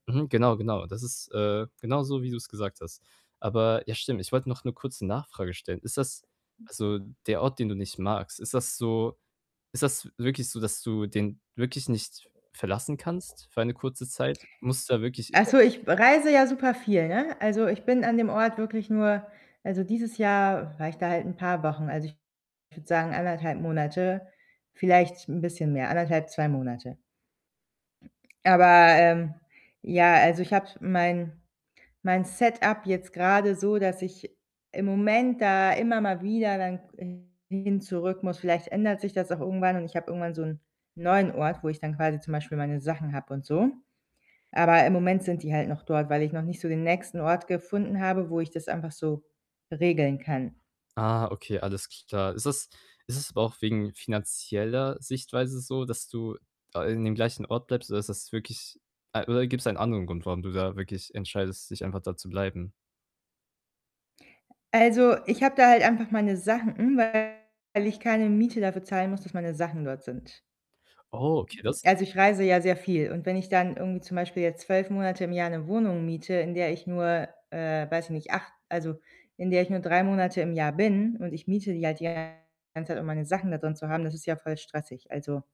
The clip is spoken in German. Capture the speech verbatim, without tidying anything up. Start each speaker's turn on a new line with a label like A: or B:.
A: Mhm, genau, genau. Das ist, äh, genauso wie du's gesagt hast. Aber ja, stimmt, ich wollt noch 'ne kurze Nachfrage stellen: Ist das also, der Ort, den du nicht magst, ist das so ist das wirklich so, dass du den wirklich nicht verlassen kannst für eine kurze Zeit? Musst du da wirklich?
B: Also,
A: [unintelligible]
B: ich be reise ja super viel, ne? Also, ich bin an dem Ort wirklich nur also, dieses Jahr war ich da halt 'n paar Wochen. Also, ich würde sagen, anderthalb Monate, vielleicht 'n bisschen mehr, anderthalb, zwei Monate. Aber, ähm, ja, also, ich habe mein mein Setup jetzt grade so, dass ich im Moment da immer mal wieder dann hin zurück muss. Vielleicht ändert sich das auch irgendwann und ich habe irgendwann so 'n neuen Ort, wo ich dann quasi zum Beispiel meine Sachen habe und so. Aber im Moment sind die halt noch dort, weil ich noch nicht so den nächsten Ort gefunden habe, wo ich das einfach so regeln kann.
A: Ah, okay, alles klar. Ist das ist das aber auch wegen finanzieller Sichtweise so, dass du da, ah, in dem gleichen Ort bleibst? Oder ist das wirklich a oder gibt's einen anderen Grund, warum du da wirklich entscheidest, dich einfach da zu bleiben?
B: Also, ich habe da halt einfach meine Sachen, hm, weil ich keine Miete dafür zahlen muss, dass meine Sachen dort sind.
A: Oh, okay, das
B: Also, ich reise ja sehr viel und wenn ich dann irgendwie zum Beispiel jetzt zwölf Monate im Jahr 'ne Wohnung miete, in der ich nur, äh, weiß ich nicht, acht also, in der ich nur drei Monate im Jahr bin und ich miete die halt die ganze Zeit, um meine Sachen da drin zu haben, das ist ja voll stressig. Also